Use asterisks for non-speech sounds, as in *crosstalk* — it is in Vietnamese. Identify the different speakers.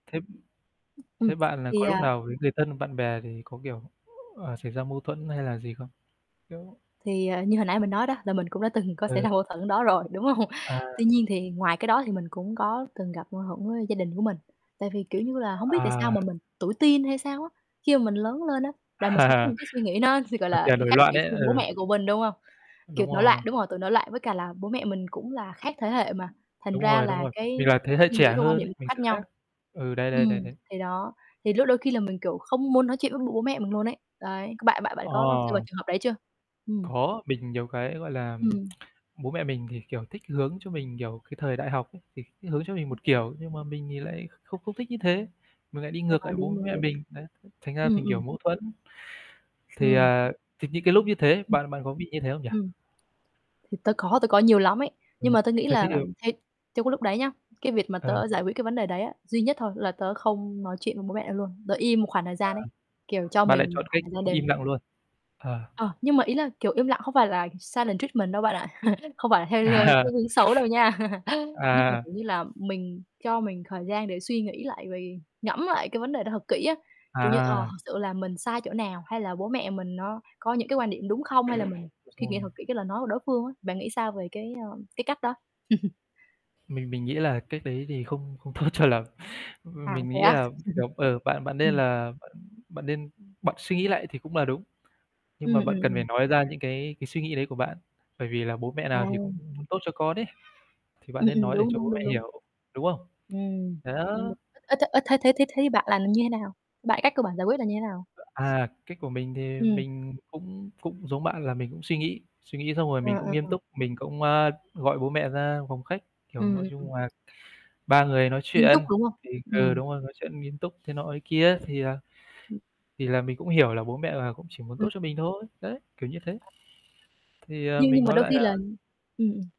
Speaker 1: Thế
Speaker 2: Ừm, ừm,
Speaker 1: thế bạn là
Speaker 2: thì,
Speaker 1: có lúc
Speaker 2: à
Speaker 1: nào với người thân hoặc bạn bè thì có, kiểu, ờ, xảy ra mâu thuẫn hay là gì không? Kiểu
Speaker 2: Thì, à, như hồi nãy mình nói đó, là mình cũng đã từng có xảy
Speaker 1: Ừ.
Speaker 2: ra mâu thuẫn đó rồi, đúng hông?
Speaker 1: Ờ.
Speaker 2: Tuy nhiên thì ngoài cái đó thì mình cũng có từng gặp mâu thuẫn với gia đình của mình. Tại vì, kiểu như là, hông biết tại sao
Speaker 1: À.
Speaker 2: mà mình tuổi teen hay sao á, khi mà mình lớn lên á, là mình sẽ có
Speaker 1: Ờ.
Speaker 2: những cái suy nghĩ nó sẽ, gọi
Speaker 1: Cái
Speaker 2: là,
Speaker 1: kiểu nổi
Speaker 2: khác
Speaker 1: loạn
Speaker 2: biệt
Speaker 1: ấy.
Speaker 2: với bố
Speaker 1: Ừ.
Speaker 2: mẹ của mình đúng hông? Kiểu
Speaker 1: Đúng
Speaker 2: nổi loạn
Speaker 1: rồi.
Speaker 2: đúng hông? Tuổi nổi loạn. Với cả là bố mẹ mình cũng là khác thế hệ mà, thành
Speaker 1: Đúng
Speaker 2: ra
Speaker 1: rồi, đúng
Speaker 2: là
Speaker 1: rồi. Mình
Speaker 2: cái
Speaker 1: là thế hệ
Speaker 2: suy nghĩ
Speaker 1: trẻ
Speaker 2: với quan
Speaker 1: hơn
Speaker 2: điểm
Speaker 1: ấy,
Speaker 2: cũng
Speaker 1: mình
Speaker 2: khác
Speaker 1: sẽ
Speaker 2: nhau.
Speaker 1: khác. Ừ, đấy, đấy,
Speaker 2: Ừm,
Speaker 1: đấy, đấy.
Speaker 2: thì đó. Thì lúc đôi khi là mình kiểu không muốn nói chuyện với b bố mẹ mình luôn ấy. Đấy. C bạn bạn bạn
Speaker 1: Ờ.
Speaker 2: có rơi vào trường hợp đấy chưa? Ừm.
Speaker 1: Có, mình nhiều cái, gọi là
Speaker 2: Ừm.
Speaker 1: *tsk* Bố mẹ mình thì, kiểu, thích hướng cho mình, kiểu, cái thời đại học ấy, thì thích hướng cho mình một kiểu, nhưng mà mình thì lại không không thích như thế. Mình lại đi
Speaker 2: À,
Speaker 1: ngược lại bố
Speaker 2: đúng, đúng,
Speaker 1: mẹ
Speaker 2: đúng.
Speaker 1: mình. Đấy. Thành ra
Speaker 2: Ừm,
Speaker 1: thành, kiểu,
Speaker 2: ừm.
Speaker 1: mẫu thuẫn. *inhales* Thì,
Speaker 2: Ừm.
Speaker 1: à, thì những cái lúc như thế,
Speaker 2: Ừm.
Speaker 1: bạn bạn có bị như thế không nhỉ?
Speaker 2: Ừm. Thì tớ có, tớ có nhiều lắm ấy. Nhưng
Speaker 1: Ừm,
Speaker 2: mà tớ nghĩ
Speaker 1: thế thì
Speaker 2: là
Speaker 1: được.
Speaker 2: làm theo trong cái lúc đấy nhá, cái việc mà
Speaker 1: Ừ.
Speaker 2: tớ giải quyết cái vấn đề đấy ấy, duy nhất thôi, là tớ không nói chuyện với bố mẹ luôn. Tớ im một khoảng thời
Speaker 1: Ờ.
Speaker 2: gian ấy, kiểu, cho
Speaker 1: Bạn lại
Speaker 2: mình một
Speaker 1: chọn
Speaker 2: khoảng
Speaker 1: cách
Speaker 2: thời gian để
Speaker 1: im lặng luôn. Ờ.
Speaker 2: Ờ. Nhưng mà ý là, kiểu, im lặng không phải là silent treatment đâu bạn ạ. *chuckles* Không phải là theo
Speaker 1: À.
Speaker 2: cái hướng xấu đâu nha. *chuckles* Nhưng mà,
Speaker 1: À.
Speaker 2: kiểu như là, mình cho mình thời gian để suy nghĩ lại về ngẫm lại cái vấn đề đó thật kỹ á. Kiểu như, ờ,
Speaker 1: À.
Speaker 2: thực sự là mình sai chỗ nào, hay là bố mẹ mình nó có những cái quan điểm đúng không, hay là mình suy nghĩ thật
Speaker 1: Rồi.
Speaker 2: kỹ cái lời nói của đối phương á. Bạn nghĩ sao về cái, ơ, cái cách đó? *chuckles*
Speaker 1: Mình mình nghĩ là cách đấy thì không không tốt cho lắm. M
Speaker 2: À
Speaker 1: mình
Speaker 2: thế
Speaker 1: nghĩ
Speaker 2: á?
Speaker 1: là,
Speaker 2: Ừ.
Speaker 1: kiểu, ờ, bạn bạn nên
Speaker 2: Ừm.
Speaker 1: là bạn bạn nên bạn suy nghĩ lại thì cũng là đúng. Nhưng
Speaker 2: Ừm,
Speaker 1: mà
Speaker 2: ừm,
Speaker 1: bạn cần phải
Speaker 2: ừm.
Speaker 1: nói ra những cái cái suy nghĩ đấy của bạn, bởi vì là bố mẹ
Speaker 2: À,
Speaker 1: nào thì cũng
Speaker 2: ừm.
Speaker 1: muốn tốt cho con ấy. Thì bạn
Speaker 2: Ừm,
Speaker 1: nên
Speaker 2: ừm.
Speaker 1: nói để
Speaker 2: Đúng,
Speaker 1: cho
Speaker 2: đúng,
Speaker 1: bố
Speaker 2: đúng,
Speaker 1: mẹ
Speaker 2: đúng.
Speaker 1: hiểu, đúng không?
Speaker 2: Ừm. Ừm đ
Speaker 1: Đó.
Speaker 2: ơ, thế ơ thế thế thế thấy bạn làm như nào? Bạn cách của bạn giải quyết là như nào?
Speaker 1: À, cách của mình thì
Speaker 2: Ừm.
Speaker 1: mình cũng cũng giống bạn là mình cũng suy nghĩ, suy nghĩ xong rồi
Speaker 2: Ờ,
Speaker 1: mình cũng
Speaker 2: ừm,
Speaker 1: nghiêm
Speaker 2: ừm.
Speaker 1: túc. Mình cũng, a, gọi bố mẹ ra phòng khách, kiểu,
Speaker 2: Ừm,
Speaker 1: nói
Speaker 2: ừm, ừm.
Speaker 1: chung là, ba người nói
Speaker 2: Nghiêm túc,
Speaker 1: chuyện
Speaker 2: đúng không?
Speaker 1: thì ừ,
Speaker 2: Ừm.
Speaker 1: đúng rồi. Nói chuyện nghiêm túc thế nọ thế kia, thì à
Speaker 2: Ừm.
Speaker 1: thì là mình cũng hiểu là bố mẹ là cũng chỉ muốn tốt
Speaker 2: Ừm.
Speaker 1: cho mình thôi. Đấy, kiểu như thế. Thì, à,
Speaker 2: Nhưng
Speaker 1: mình
Speaker 2: nhưng mà
Speaker 1: nói
Speaker 2: đôi
Speaker 1: lại
Speaker 2: khi là
Speaker 1: là
Speaker 2: ừm.